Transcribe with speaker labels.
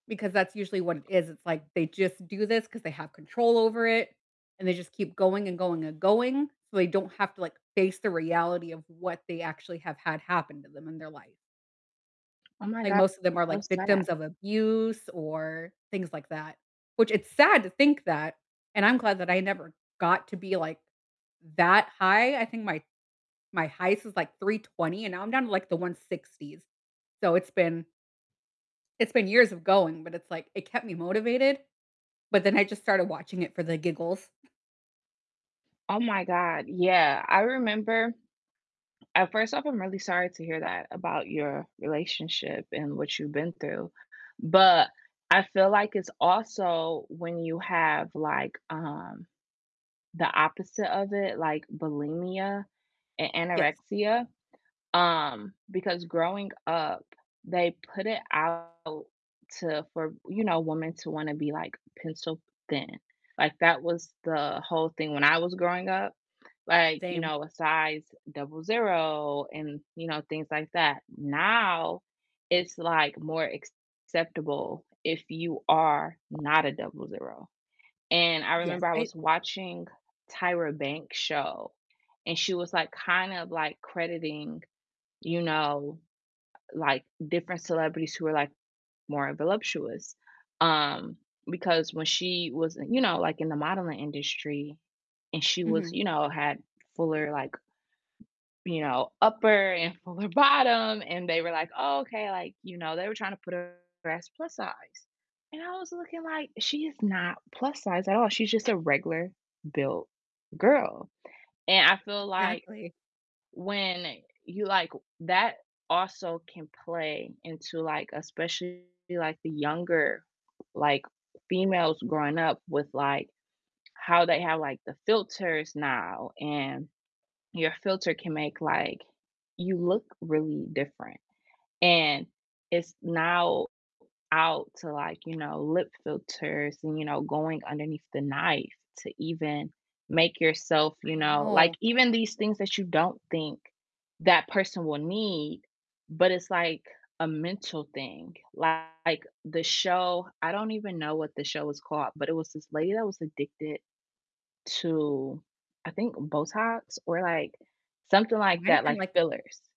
Speaker 1: Because that's usually what it is. It's like they just do this 'cause they have control over it, and they just keep going and going and going so they don't have to, like, face the reality of what they actually have had happen to them in their life.
Speaker 2: Oh my
Speaker 1: Like,
Speaker 2: go
Speaker 1: most of them are,
Speaker 2: so
Speaker 1: like,
Speaker 2: sad.
Speaker 1: victims of abuse or things like that, which it's sad to think that, and I'm glad that I never got to be, like, that high. I think my my highest was, like, 320 and now I'm down to, like, the 160s. So, it's been it's been years of going, but it's like it kept me motivated, but then I just started watching it for the giggles.
Speaker 2: Oh my god, yeah, I remember at first off, I'm really sorry to hear that about your relationship and what you've been through, but I feel like it's also when you have like, um, the opposite of it, like bulimia and
Speaker 1: Yes.
Speaker 2: anorexia, um, because growing up, they put it out to, for, you know, women to wanna be like pencil thin, like that was the whole thing when I was growing up, like, you
Speaker 1: Same.
Speaker 2: know, a size 00 and, you know, things like that, now it's like more acceptable if you are not a 00, and I
Speaker 1: Yes,
Speaker 2: remember I
Speaker 1: I
Speaker 2: was watching Tyra Banks' show and she was like kind of like crediting, you know, like different celebrities who were, like, more voluptuous, um, because when she was you know, like in the modeling industry and she was,
Speaker 1: Mhm.
Speaker 2: you know, had fuller like you know, upper and fuller bottom and they were like, "Oh, okay," like, you know, they were trying to put her as plus size, and I was looking like, "She is not plus size at all. She's just a regular built girl," and I feel like
Speaker 1: Exactly.
Speaker 2: when you like that also can play into like, especially, like, the younger, like, females growing up with, like, how they have, like, the filters now and your filter can make, like, you look really different, and it's now out to, like, you know, lip filters and, you know, going underneath the knife to even make yourself, you
Speaker 1: I
Speaker 2: know like,
Speaker 1: know.
Speaker 2: even these things that you don't think that person will need, but it's like a mental thing, like, the show I don't even know what the show is called, but it was this lady that was addicted to I think Botox or, like, something
Speaker 1: It
Speaker 2: like
Speaker 1: might've
Speaker 2: that,
Speaker 1: been,
Speaker 2: like
Speaker 1: like
Speaker 2: fillers.